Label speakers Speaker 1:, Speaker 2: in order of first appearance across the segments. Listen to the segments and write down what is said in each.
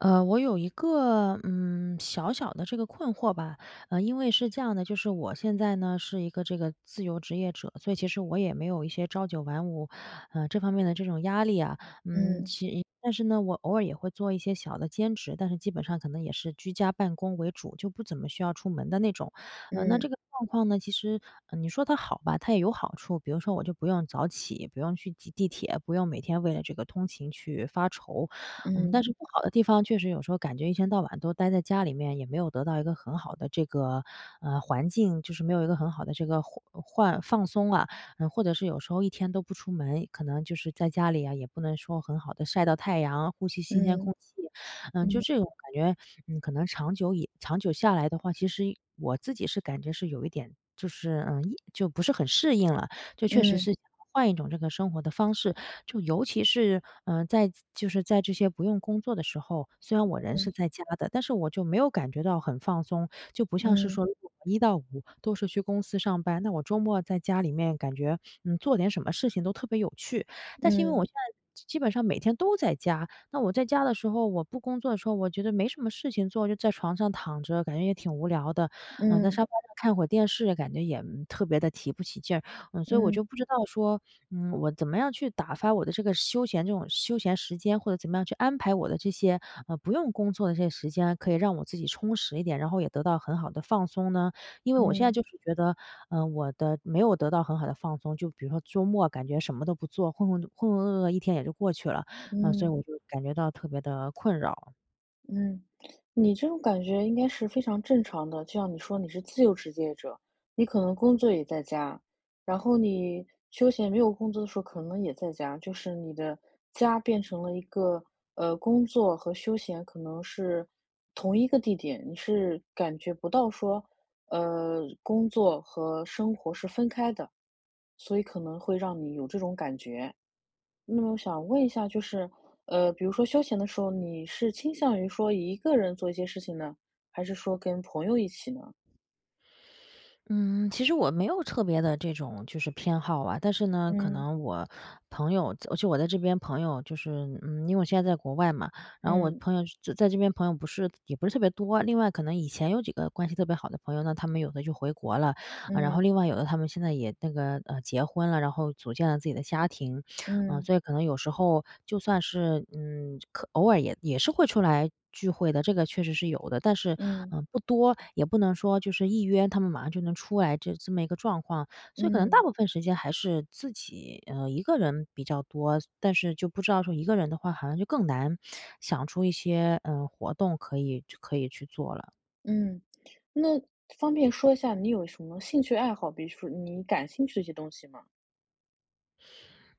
Speaker 1: 呃，我有一个，嗯，小小的这个困惑吧。呃，因为是这样的，就是我现在呢，是一个这个自由职业者，所以其实我也没有一些朝9晚5，呃，这方面的这种压力啊。嗯，
Speaker 2: 嗯。
Speaker 1: 其实一但是呢，我偶尔也会做一些小的兼职，但是基本上可能也是居家办公为主，就不怎么需要出门的那种。呃，那这
Speaker 2: 嗯。
Speaker 1: 个状况呢，其实嗯，你说它好吧，它也有好处。比如说我就不用早起、不用去挤地铁，不用每天为了这个通勤去发愁。嗯，但
Speaker 2: 嗯。
Speaker 1: 是不好的地方，确实有时候感觉一天到晚都待在家里面，也没有得到一个很好的这个，呃，环境。就是没有一个很好的这个环呃，换放松，啊。或者是有时候一天都不出门，可能就是在家里呀，也不能说很好地晒到太阳、呼吸新鲜
Speaker 2: 嗯。
Speaker 1: 空气。呃，就
Speaker 2: 嗯。
Speaker 1: 这种感觉，嗯，可能长久以长久下来的话，其实我自己是感觉是有一点就是，嗯就不是很适应了。就确实
Speaker 2: 嗯。
Speaker 1: 是换一种这个生活的方式，就尤其是，嗯，在自就是在这些不用工作的时候，虽然我人是
Speaker 2: 嗯。
Speaker 1: 在家的，但是我就没有感觉到很放松。就不像是
Speaker 2: 嗯。
Speaker 1: 说那种一到五，都是去公司上班，那我周末在家里面感觉，嗯，做点什么事情都特别有趣。但是因为
Speaker 2: 嗯。
Speaker 1: 我现在基基本上每天都在家。那我在家的时候，我不工作的时候，我觉得没什么事情做，就在床上躺着，感觉也挺无聊的。呃，在
Speaker 2: 嗯。
Speaker 1: 沙发上看会儿电视，感觉也，嗯，特别地提不起劲儿。嗯，所以我
Speaker 2: 嗯。
Speaker 1: 就不知道说。嗯，我怎么样去打发我的这个休闲这种休闲时间，或者怎么样去安排我的这些，呃，不用工作的这些时间，可以让我自己充实一点，然后也得到很好的放松呢？因为我现在
Speaker 2: 嗯。
Speaker 1: 就是觉得，呃，我的没有得到很好的放松。就比如说周末，啊，感觉什么都不做，浑浑浑浑噩噩一天也就过去了。呃，所以
Speaker 2: 嗯。
Speaker 1: 我就感觉到特别地困扰。
Speaker 2: 嗯。你这种感觉应该是非常正常的。就像你说你是自由职业者，你可能工作也在家，然后你休闲没有工作的时候可能也在家，就是你的家变成了一个，呃，工作和休闲可能是同一个地点。你是感觉不到说，呃，工作和生活是分开的，所以可能会让你有这种感觉。那么我想问一下就是，呃，比如说休闲的时候，你是倾向于说一个人做一些事情呢，还是说跟朋友一起呢？
Speaker 1: 嗯，其实我没有特别的这种就是偏好啊，但是呢，可
Speaker 2: 嗯。
Speaker 1: 能我朋友仄而且我在这边朋友就是嗯，因为我现在在国外嘛，然后我
Speaker 2: 嗯。
Speaker 1: 朋友就仄在这边朋友不是也不是特别多。另外，可能以前有几个关系特别好的朋友，那他们有的就回国了，呃，然后
Speaker 2: 嗯。
Speaker 1: 另外有的他们现在也那个，呃，结婚了，然后组建了自己的家庭。呃，
Speaker 2: 嗯。
Speaker 1: 所以可能有时候就算是嗯，就可偶尔也也是会出来聚会的，这个确实是有的。但是，
Speaker 2: 嗯。
Speaker 1: 呃，不多，也不能说就是一约他们马上就能出来这这么一个状况，所以可能大
Speaker 2: 嗯。
Speaker 1: 部分时间还是自己，呃，一个人比较多。所但是就不知道说一个人的话，好像就更难想出一些，呃，活动可以就可以去做了。
Speaker 2: 嗯。那，方便说一下你有什么兴趣爱好，比如说你感兴趣的一些东西吗？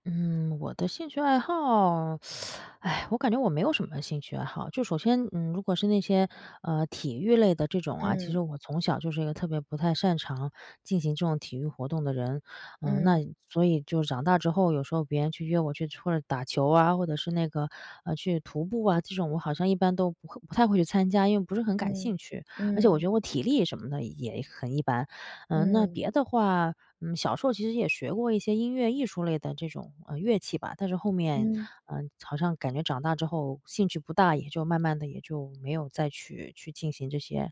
Speaker 1: 嗯，我的兴趣爱好？唉，我感觉我没有什么兴趣爱好。就首先嗯，如果是那些，呃，体育类的这种啊，其实
Speaker 2: 嗯。
Speaker 1: 我从小就是一个特别不太擅长进行这种体育活动的人，呃，那
Speaker 2: 嗯。
Speaker 1: 所以就长大之后，有时候别人去约我去或者打球啊，或者是那个呃，去徒步啊。这种我好像一般都不会不太会去参加，因为不是很感
Speaker 2: 嗯，
Speaker 1: 兴趣，而且我觉
Speaker 2: 嗯。
Speaker 1: 得我体力什么的也很一般。呃，那
Speaker 2: 嗯。
Speaker 1: 别的话，嗯，小时候其实也学过一些音乐艺术类的这种，呃，乐器吧，但是后面，
Speaker 2: 嗯。
Speaker 1: 呃，好像感觉长大之后兴趣不大，也就慢慢的也就没有再去去进行这些，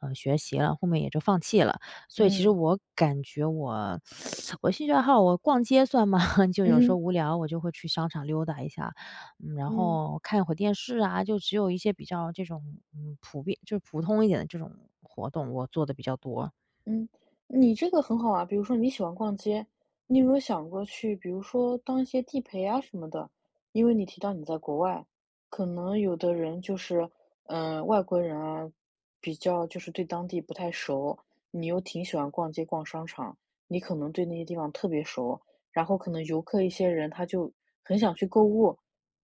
Speaker 1: 呃，学习了，后面也就放弃了。所以其实
Speaker 2: 嗯。
Speaker 1: 我感觉我 我兴趣爱好，我逛街算吗？就有时候
Speaker 2: 嗯。
Speaker 1: 无聊，我就会去商场溜达一下，嗯，然
Speaker 2: 嗯。
Speaker 1: 后看会儿电视啊，就只有一些比较这种，嗯，普遍就是普通一点的这种活动，我做得比较多。
Speaker 2: 嗯，你这个很好啊。比如说你喜欢逛街，你有没有想过去比如说当一些地陪啊什么的？因为你提到你在国外，可能有的人就是呃，外国人啊，比较就是对当地不太熟，你又挺喜欢逛街、逛商场，你可能对那些地方特别熟，然后可能游客一些人，他就很想去购物，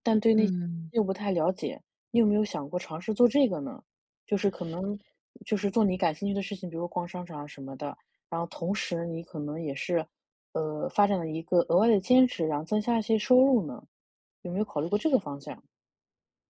Speaker 2: 但对那些
Speaker 1: 嗯。
Speaker 2: 又不太了解，你有没有想过尝试做这个呢？就是可能就是做你感兴趣的事情，比如逛商场啊什么的，然后同时你可能也是，呃，发展了一个额外的兼职，然后增加一些收入呢？有没有考虑过这个方向？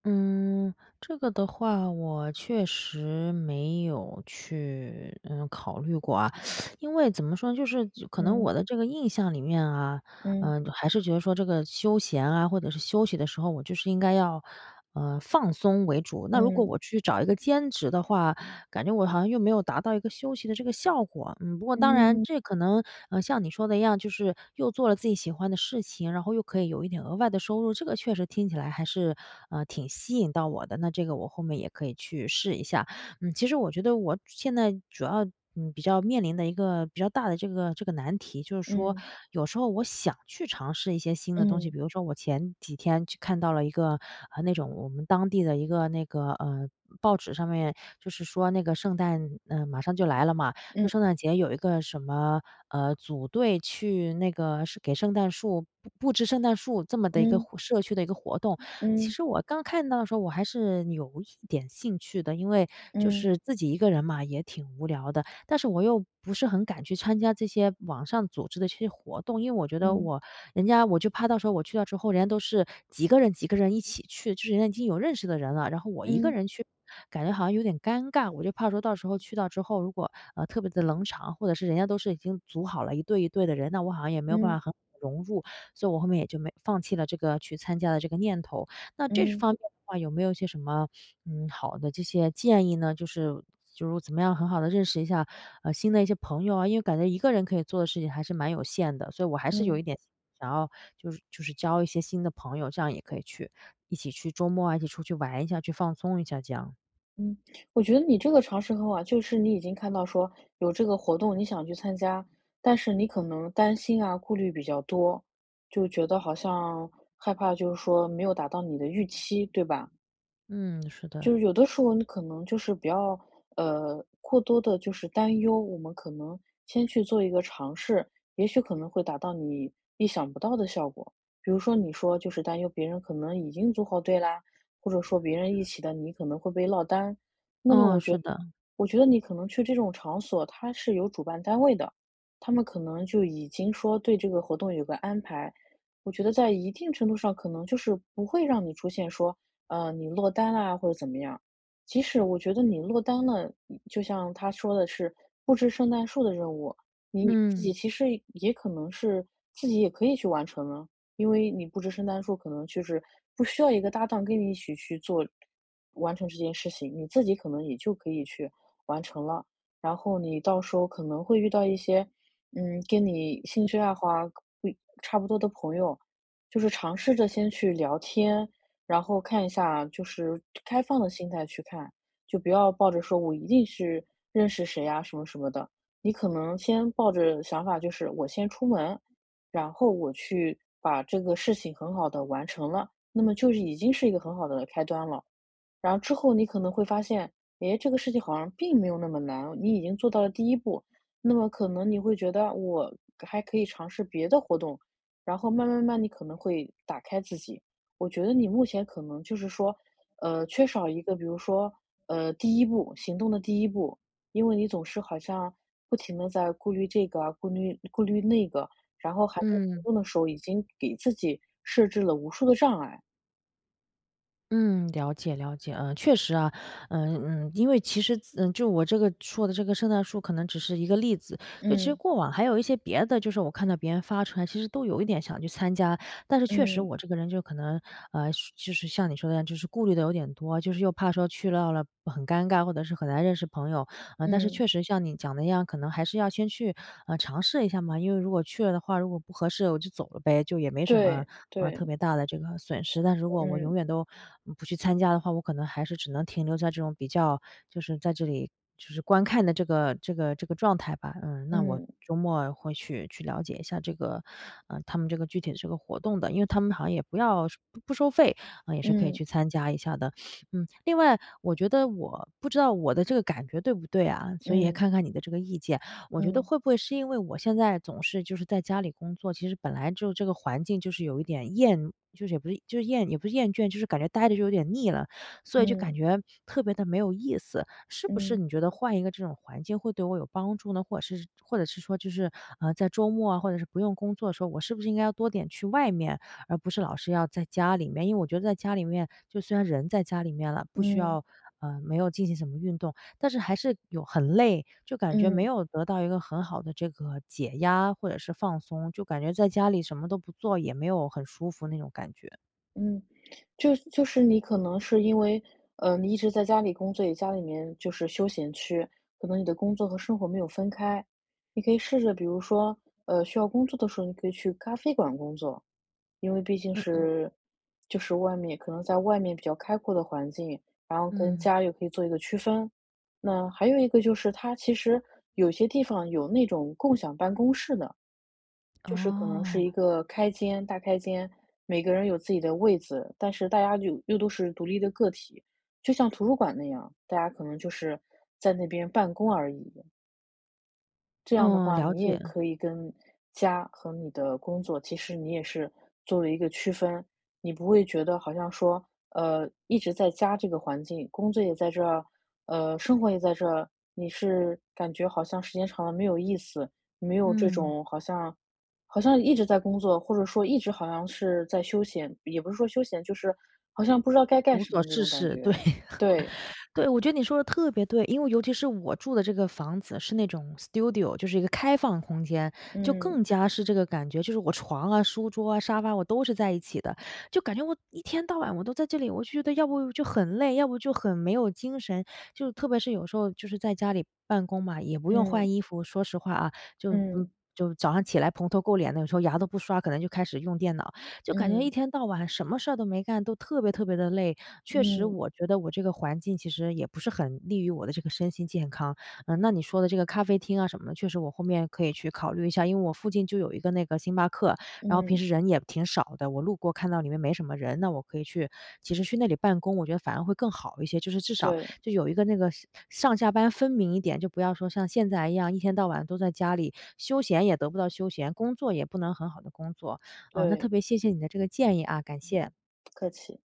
Speaker 1: 嗯，这个的话，我确实没有去，呃，考虑过啊。因为怎么说呢，就是就可能
Speaker 2: 嗯。
Speaker 1: 我的这个印象里面啊，
Speaker 2: 嗯。
Speaker 1: 呃，还是觉得说这个休闲啊，或者是休息的时候，我就是应该要，呃，放松为主。那如果
Speaker 2: 嗯。
Speaker 1: 我去找一个兼职的话，感觉我好像又没有达到一个休息的这个效果，不过当然，
Speaker 2: 嗯。
Speaker 1: 这可能，呃，像你说的一样，就是又做了自己喜欢的事情，然后又可以有一点额外的收入，这个确实听起来还是，呃，挺吸引到我的，那这个我后面也可以去试一下。嗯，其实我觉得我主现在主要，嗯，比较面临的一个比较大的这个这个难题就是说，
Speaker 2: 嗯。
Speaker 1: 有时候我想去尝试一些新的东西。
Speaker 2: 嗯。
Speaker 1: 比如说我前几天就看到了一个，呃，那种我们当地的一个那个，呃，报纸上面就是说那个圣诞呃，马上就来了嘛。就
Speaker 2: 嗯。
Speaker 1: 圣诞节有一个什么，呃，组队去那个是给圣诞树布布置圣诞树这么的一个
Speaker 2: 嗯。
Speaker 1: 互社区的一个活动。其
Speaker 2: 嗯。
Speaker 1: 实我刚看到的时候，我还是有一点兴趣的，因为就
Speaker 2: 嗯。
Speaker 1: 是自己一个人嘛，也挺无聊的。但是我又不是很敢去参加这些网上组织的这些活动，因为我觉得
Speaker 2: 嗯。
Speaker 1: 我人家我就怕到时候我去了之后，人家都是几个人几个人一起去，就是人家已经有认识的人了，然后我一个
Speaker 2: 嗯。
Speaker 1: 人去，感觉好像有点尴尬。我就怕说到时候去到之后，如果，呃，特别的冷场，或者是人家都是已经组好了一队一队的人，那我好像也没有办法
Speaker 2: 嗯。
Speaker 1: 很好地融入，所以我后面也就没放弃了这个去参加的这个念头。那这
Speaker 2: 嗯。
Speaker 1: 方面的话，有没有一些什么，嗯，好的这些建议呢？就是就是我怎么样很好地认识一下，呃，新的一些朋友啊？因为感觉一个人可以做的事情还是蛮有限的，所以我还是有
Speaker 2: 嗯。
Speaker 1: 一点想要就是就是交一些新的朋友，这样也可以去一起去周末啊，一起出去玩一下，去放松一下这样。
Speaker 2: 嗯，我觉得你这个尝试很好啊。就是你已经看到说有这个活动你想去参加，但是你可能担心啊，顾虑比较多，就觉得好像害怕就是说没有达到你的预期，对吧？
Speaker 1: 嗯，是
Speaker 2: 就
Speaker 1: 的。
Speaker 2: 有的时候，你可能就是不要，呃，过多地就是担忧，我们可能先去做一个尝试，也许可能会达到你意想不到的效果。比如说，你说，就是担忧别人可能已经组好队啦，或者说别人一起的，你可能会被落单儿。那么
Speaker 1: 哦，
Speaker 2: 我觉
Speaker 1: 是
Speaker 2: 得
Speaker 1: 的。
Speaker 2: 我觉得你可能去这种场所，它是有主办单位的，他们可能就已经说，对这个活动有个安排。我觉得在一定程度上，可能就是不会让你出现说，呃，你落单啦，或者怎么样。即使我觉得你落单了，嗯，就像它说的是“布置圣诞树”的任务。你自
Speaker 1: 嗯。
Speaker 2: 己其实也可能是自己也可以去完成啊。因为你布置圣诞树，可能就是不需要一个搭档跟你一起去做完成这件事情，你自己可能也就可以去完成了。然后你到时候可能会遇到一些，嗯，跟你兴趣爱好啊，会差不多的朋友。就是尝试着先去聊天，然后看一下，就是 开放的心态去看。就不要抱着说“我一定是认识谁啊”，什么什么的。你可能先抱着想法就是，我先出门，然后我去把这个事情很好地完成了，那么就是已经是一个很好的开端了。然后之后，你可能会发现：“哎，这个事情好像并没有那么难。”你已经做到了第1步，那么可能你会觉得：“我还可以尝试别的活动。”然后慢慢慢慢，你可能会打开自己。我觉得你目前可能就是说，呃，缺少一个比如说，呃，第1步行动的第1步，因为你总是好像不停地在顾虑这个啊，顾虑顾虑那个，然后还在活
Speaker 1: 嗯。
Speaker 2: 动的时候，已经给自己设置了无数的障碍。
Speaker 1: 嗯，了解了解。呃，确实啊，嗯嗯。因为其实子呃，就我这个说的这个圣诞树可能只是一个例子，就其实
Speaker 2: 嗯。
Speaker 1: 过往还有一些别的。就是我看到别人发出来其实都有一点想去参加，但是确实
Speaker 2: 嗯。
Speaker 1: 我这个人就可能，呃，就就是像你说的一样，就是顾虑的有点多，就是又怕说去到了，很尴尬，或者是很难认识朋友。呃，但是
Speaker 2: 嗯。
Speaker 1: 确实像你讲的那样，可能还是要先去，呃，尝试一下嘛。因为如果去了的话，如果不合适我就走了呗，就也没什么，
Speaker 2: 对，
Speaker 1: 呃，
Speaker 2: 对。是
Speaker 1: 特
Speaker 2: 的，
Speaker 1: 别大的这个损失。但如果我永
Speaker 2: 嗯。
Speaker 1: 远都，嗯，不去参加的话，我可能还是只能停留在这种比较就是在这里就是观看的这个这个这个状态吧。嗯，那我
Speaker 2: 嗯。
Speaker 1: 周末会去去了解一下这个呃，他们这个具体的这个活动的。因为他们好像也不要是不不收费，呃，也是可以去
Speaker 2: 嗯。
Speaker 1: 参加一下的。嗯，另外，我觉得我不知道我的这个感觉对不对啊？所以也
Speaker 2: 嗯。
Speaker 1: 看看你的这个意见。我觉得
Speaker 2: 嗯。
Speaker 1: 会不会是因为我现在总是就是在家里工作，其实本来就这个环境就是有一点厌就是也不是就是厌也不是厌倦，就是感觉呆着就有点腻了。所以就感
Speaker 2: 嗯。
Speaker 1: 觉，特别地没有意思。是不是
Speaker 2: 嗯。
Speaker 1: 你觉得换一个这种环境会对我有帮助呢？或者是或者是说就是，呃，在周末啊，或者是不用工作的时候，我是不是应该要多点去外面，而不是老是要在家里面。因为我觉得在家里面，就虽然人在家里面了，不需
Speaker 2: 嗯。
Speaker 1: 要呃，没有进行什么运动，但是还是有很累，就感觉没
Speaker 2: 嗯。
Speaker 1: 有得到一个很好的这个解压或者是放松，就感觉在家里什么都不做，也没有很舒服那种感觉。
Speaker 2: 嗯，就就是你可能是因为，呃，你一直在家里工作，也家里面就是休闲区，可能你的工作和生活没有分开。你可以试着，比如说，呃，需要工作的时候，你可以去咖啡馆工作，因为毕竟
Speaker 1: 嗯嗯。
Speaker 2: 是就是外面可能在外面比较开阔的环境，然后跟
Speaker 1: 嗯。
Speaker 2: 家又可以做一个区分。那还有一个就是，它其实有些地方有那种共享办公室的，就是可能是一
Speaker 1: 哦。
Speaker 2: 个开间大开间，每个人有自己的位子，但是大家就又都是独立的个体，就像图书馆那样，大家可能就是在那边办公而已。这样的
Speaker 1: 嗯，
Speaker 2: 话，
Speaker 1: 了
Speaker 2: 你也
Speaker 1: 解。
Speaker 2: 可以跟家和你的工作其实你也是做了一个区分。你不会觉得好像说，呃，一直在家这个环境，工作也在这儿，呃，生活也在这儿，你是感觉好像时间长了没有意思，没有这
Speaker 1: 嗯。
Speaker 2: 种好像好像一直在工作，或者说一直好像是在休闲也不是说休闲，就是好像不知道该干
Speaker 1: 无
Speaker 2: 什
Speaker 1: 所
Speaker 2: 么那
Speaker 1: 事
Speaker 2: 种感
Speaker 1: 事，
Speaker 2: 觉，
Speaker 1: 对。
Speaker 2: 对。
Speaker 1: 对，我觉得你说得特别对，因为尤其是我住的这个房子是那种 studio，就是一个开放空间，就
Speaker 2: 嗯。
Speaker 1: 更加是这个感觉。就是我床啊、书桌啊、沙发我都是在一起的，就感觉我一天到晚我都在这里，我就觉得要不就很累，要不就很没有精神。就特别是有时候就是在家里办公嘛，也不用
Speaker 2: 嗯。
Speaker 1: 换衣服，说实话啊，就，嗯，
Speaker 2: 嗯。
Speaker 1: 就早上起来蓬头垢脸的，有时候牙都不刷，可能就开始用电脑，就感觉一
Speaker 2: 嗯。
Speaker 1: 天到晚什么事儿都没干，都特别特别地累，确实
Speaker 2: 嗯。
Speaker 1: 我觉得我这个环境其实也不是很利于我的这个身心健康。呃，那你说的这个咖啡厅啊什么的，确实我后面可以去考虑一下。因为我附近就有一个那个星巴克，然后
Speaker 2: 嗯。
Speaker 1: 平时人也挺少的，我路过看到里面没什么人，那我可以去其实去那里办公，我觉得反而会更好一些。就是至少
Speaker 2: 对。
Speaker 1: 就有一个那个是上下班分明一点，就不要说像现在一样，一天到晚都在家里，休闲也得不到休闲，工作也不能很好地工作。呃，那
Speaker 2: 对。
Speaker 1: 特别谢谢你的这个建议啊，感
Speaker 2: 不
Speaker 1: 谢。
Speaker 2: 客气。